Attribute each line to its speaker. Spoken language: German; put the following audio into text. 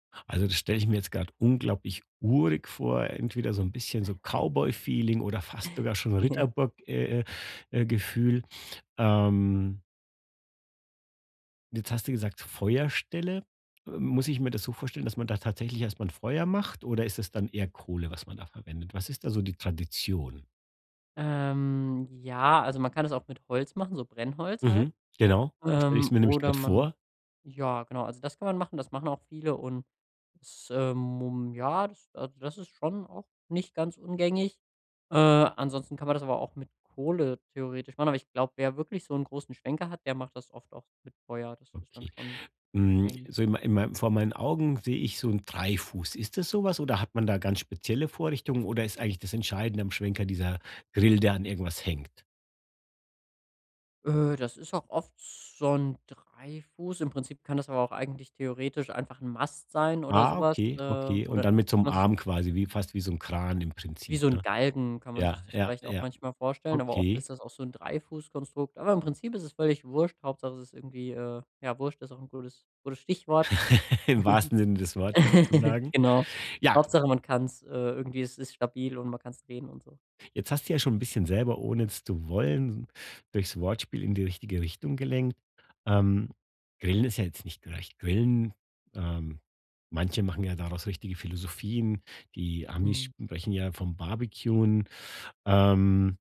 Speaker 1: Also, das stelle ich mir jetzt gerade unglaublich urig vor, entweder so 'n bisschen so Cowboyfeeling oder fast sogar schon Ritterburg äh äh, Gefühl. Ähm jetzt hast du gesagt, Feuerstelle. Äh, muss ich mir das so vorstellen, dass man da tatsächlich erst mal 'n Feuer macht oder ist es dann eher Kohle, was man da verwendet? Was ist da so die Tradition?
Speaker 2: Ähm, ja, also man kann es auch mit Holz machen, so Brennholz halt.
Speaker 1: Mhm. Genau, so stelle ich es
Speaker 2: Ähm,
Speaker 1: mir nämlich
Speaker 2: oder
Speaker 1: gerade
Speaker 2: man
Speaker 1: vor.
Speaker 2: ja genau, also das kann man machen, das machen auch viele und, es, ähm, mum ja, das also, das ist schon auch nicht ganz ungängig. Äh, ansonsten kann man das aber auch mit Kohle theoretisch machen, aber ich glaube, wer wirklich so 'n großen Schwenker hat, der macht das oft auch mit Feuer, das ist dann
Speaker 1: Okay.
Speaker 2: schon
Speaker 1: Hm,
Speaker 2: gängig.
Speaker 1: so in mei in mei vor meinen Augen sehe ich so 'n Dreifuß. Ist das so was oder hat man da ganz spezielle Vorrichtungen oder ist eigentlich das Entscheidende am Schwenker dieser Grill, der an irgendwas hängt?
Speaker 2: Öh, das ist auch oft so 'n Dreifuß, im Prinzip kann das aber auch eigentlich theoretisch einfach 'n Mast sein oder so
Speaker 1: Ah,
Speaker 2: was, äh,
Speaker 1: okay, okay.
Speaker 2: wo
Speaker 1: Und
Speaker 2: dann
Speaker 1: dann mit so
Speaker 2: kann
Speaker 1: 'm
Speaker 2: man sich
Speaker 1: Arm quasi wie fast wie so 'n Kran im
Speaker 2: wie
Speaker 1: Prinzip,
Speaker 2: so 'n
Speaker 1: ne?
Speaker 2: Galgen kann man
Speaker 1: Ja,
Speaker 2: sich das
Speaker 1: ja,
Speaker 2: vielleicht auch
Speaker 1: ja.
Speaker 2: manchmal vorstellen, aber oft
Speaker 1: Okay.
Speaker 2: ist das auch so 'n 3-Fuß-Konstrukt, aber im Prinzip ist es völlig wurscht, Hauptsache es ist irgendwie, äh ja wurscht ist auch ’n gutes gutes Stichwort,
Speaker 1: Im wahrsten Sinne des Wortes sozusagen.
Speaker 2: genau.
Speaker 1: Ja.
Speaker 2: Hauptsache man kann's, äh irgendwie, es ist stabil und man kann's drehen und so.
Speaker 1: Jetzt hast du ja schon bisschen selber, ohne es zu wollen, durchs Wortspiel in die richtige Richtung gelenkt. Ähm, Grillen ist ja jetzt nicht gleich Grillen. Ähm, manche machen ja daraus richtige Philosophien. Die Amis
Speaker 2: Mhm.
Speaker 1: sprechen ja vom barbecuen. Ähm